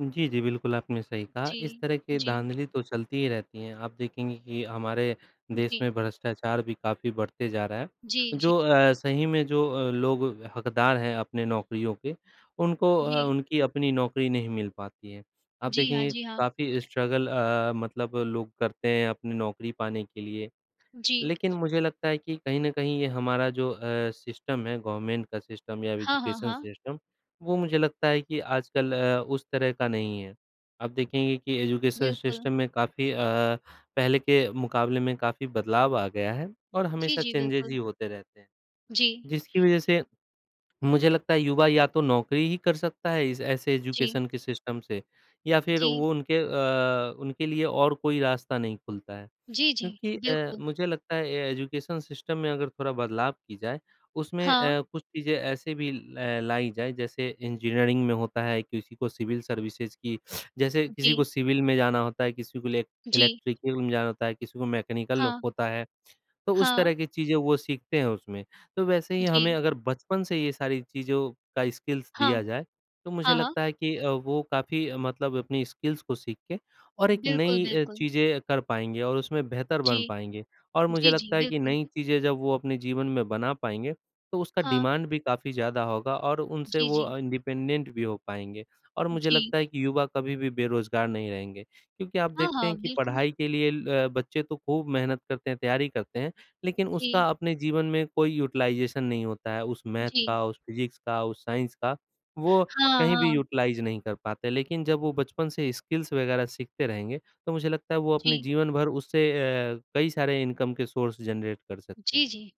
जी, जी। बिल्कुल आपने सही कहा, इस जी। तरह की जी। धांधली तो चलती ही रहती हैं। आप देखेंगे कि हमारे देश जी। में भ्रष्टाचार भी काफ़ी बढ़ते जा रहा है, जी, जी। जो अ, सही में जो अ, लोग हकदार हैं अपने नौकरियों के उनको अ, जी। उनकी अपनी नौकरी नहीं मिल पाती है। आप जी हाँ, देखेंगे जी हाँ। काफ़ी स्ट्रगल अ, मतलब लोग करते हैं अपनी नौकरी पाने के लिए। जी। लेकिन मुझे लगता है कि कहीं न कहीं ये हमारा जो अ, सिस्टम है गवर्नमेंट का सिस्टम या हाँ, हाँ, एजुकेशन हाँ। सिस्टम वो मुझे लगता है कि आजकल अ, उस तरह का नहीं है। आप देखेंगे कि एजुकेशन बिल्कुल। सिस्टम में काफ़ी अ, पहले के मुकाबले में काफ़ी बदलाव आ गया है और जी, हमेशा जी। चेंजेज़ ही बिल्कुल। होते रहते हैं जी। जिसकी वज़ह से मुझे लगता है युवा या तो नौकरी ही कर सकता है इस ऐसे जी। एजुकेशन के सिस्टम से या फिर जी। वो उनके अ, उनके लिए और कोई रास्ता नहीं खुलता है। जी, जी। क्योंकि अ, बिल्कुल। मुझे लगता है अ, एजुकेशन सिस्टम में अगर थोड़ा बदलाव की जाए उसमें हाँ। अ, कुछ चीज़ें ऐसे भी ल लाई जाए जैसे इंजीनियरिंग में होता है, किसी को सिविल सर्विसेज़ की जैसे किसी को जी। सिविल में जाना होता है, किसी को इले जी। इलेक्ट्रिकल में जाना होता है, मैकेनिकल हाँ। होता है तो उस तरह हाँ। की चीज़ें वो सीखते हैं उसमें। तो वैसे ही हमें जी। अगर बचपन से ये सारी चीज़ों का स्किल्स दिया हाँ। जाए तो मुझे हाँ, हाँ। लगता है कि अ, वो काफ़ी मतलब अपनी स्किल्स को सीख के और एक बिल्कुल, नई अ, बिल्कुल। चीज़ें कर पाएँगे और उसमें बेहतर जी। बन पाएँगे। और मुझे जी, जी। लगता है कि बिल्कुल। नई चीज़ें जब वो अपने जीवन में बना पाएँगे तो उसका हाँ। डिमांड भी काफ़ी ज़्यादा होगा और उनसे जी, वो जी। अ, इंडिपेंडेंट भी हो पाएँगे। और मुझे जी। लगता है कि युवा कभी भी बेरोज़गार नहीं रहेंगे। क्योंकि आप हाँ, देखते हाँ। हैं कि बिल्कुल। पढ़ाई के लिए ल बच्चे तो खूब मेहनत करते हैं, तैयारी करते हैं, लेकिन उसका जी। अपने जीवन में कोई यूटिलाइज़ेशन नहीं होता है, उस मैथ जी। का, उस फिज़िक्स का, उस साइंस का, वो हाँ, कहीं भी हाँ। यूटिलाइज़ नहीं कर पाते। लेकिन जब वो बचपन से स्किल्स वग़ैरह सीखते रहेंगे तो मुझे लगता है वो अपने जी। जीवन भर उससे अ, कई सारे इनकम के सोर्स जनरेट कर सकते हैं। जी, जी।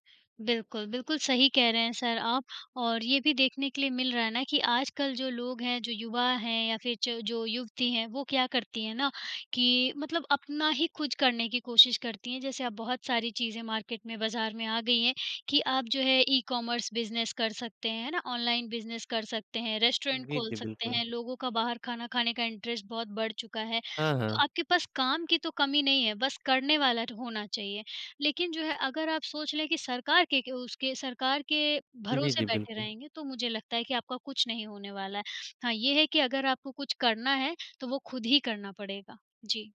बिल्कुल, बिल्कुल सही कह रहे हैं सर आप, और ये भी देखने के लिए मिल रहा है ना कि आजकल जो लोग हैं, जो युवा हैं या फिर च जो युवती हैं वो क्या करती हैं ना कि मतलब अपना ही कुछ करने की कोशिश करती हैं, जैसे आप बहुत सारी चीज़ें मार्केट में बाज़ार में आ गईं है कि आप जो है ई कॉमर्स बिज़नेस कर सकते हैं, है ना, ऑनलाइन बिज़नेस कर सकते हैं, रेस्टोरेंट जी, खोल जी। सकते बिल्कुल। हैं। लोगों का बाहर खाना खाने का इंटरेस्ट बहुत बढ़ चुका है, हाँ, तो हाँ। आपके पास काम की तो कमी नहीं है, बस करने वाला होना चाहिए। लेकिन जो है अगर आप सोच लें कि सरकार के के उसके सरकार के जी, भरोसे जी। बैठे बिल्कुल। रहेंगे तो मुझे लगता है कि आपका कुछ नहीं होने वाला है। हाँ, ये है कि अगर आपको कुछ करना है तो वो खुद ही करना पड़ेगा। जी।